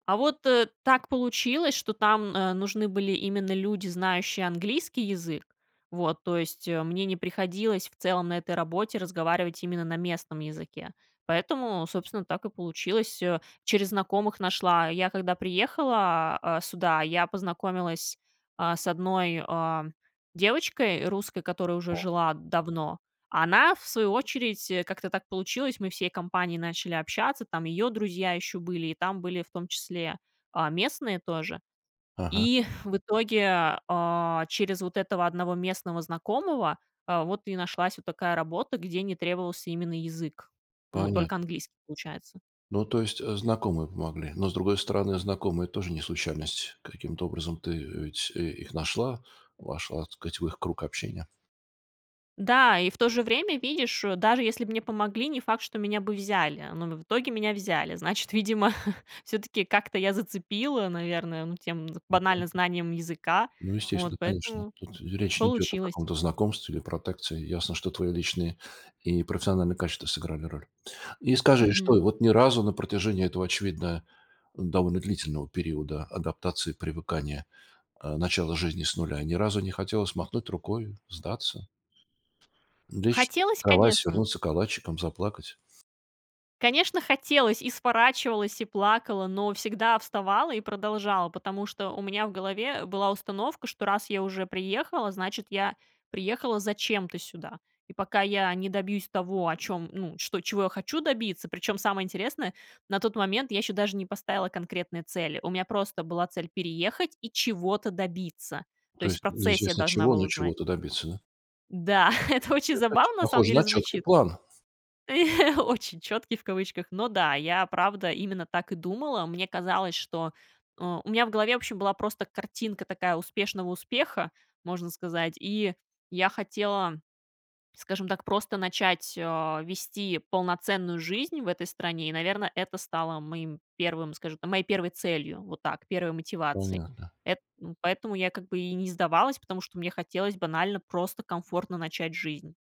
А вот, э, так получилось, что там, э, нужны были именно люди, знающие английский язык. Вот, то есть, э, мне не приходилось в целом на этой работе разговаривать именно на местном языке. Поэтому, собственно, так и получилось, э. Через знакомых нашла. Я, когда приехала, а, сюда, я познакомилась, а, с одной, а, девочкой русской, которая уже Да. жила давно. А она, в свою очередь, э, как-то так получилось. Мы всей компанией начали общаться. Там её друзья ещё были, и там были в том числе, а, местные тоже. Ага. И в итоге, а, через вот этого одного местного знакомого, а, вот и нашлась вот такая работа, где не требовался именно язык. Ну, Понятно. только английский, получается. Ну, то есть, э, знакомые помогли. Но, с другой стороны, знакомые тоже не случайность. Каким-то образом ты, э, ведь, э, их нашла, вошла, так сказать, в их круг общения. Да, и в то же время, видишь, э, даже если б мне помогли, не факт, что меня бы взяли, но в итоге меня взяли. Значит, видимо, всё-таки как-то я зацепила, наверное, ну, тем з банально знанием [unintelligible] языка. .Ну, Вот, естественно, конечно. поэтому Тут речь не идёт о получилось. каком-то знакомстве или протекции. Ясно, что твои личные профессионыльные качества сыграли роль. И скажи, Мгм. что и вот ни разу на протяжении этого, очевидно, довольно длительного периода адаптации, привыкания, а начала жизни с 0, ни разу не хотелось махнуть рукой, сдаться? Лечь в Хотелось, кровать, конечно. свернуться калачиком, заплакать? Конечно, хотелось, и сворачивалась, и плакала, но всегда вставала и продолжала, потому что у меня в голове была установка, что раз я уже приехала, значит, я приехала зачем-то сюда, и пока я не добьюсь того, о чём, ну, что, чего я хочу добиться Причём, самое интересное, на тот момент я ещё даже не поставила конкретные цели, у меня просто была цель переехать и чего-то добиться. То То есть в есть процессе я неизвестно должна чего, была но узнать. чего-то добиться, да? Да, это очень Это оч забавно на самом похоже деле на чёткий звучит. план. Очень "чёткий", в кавычках. Но да, я правда именно так и думала. Мне казалось, что а, у меня в голове, вообще, была просто картинка такая успешного успеха, можно сказать, и я хотела, скажем так, просто начать, а, вести полноценную жизнь в этой стране, и, наверное, это стало моим первым, скажем так, моей первой целью, вот так, первой мотивацией. Понятно. Это м, поэтому я как бы и не сдавалась, потому что мне хотелось банально просто комфортно начать жизнь.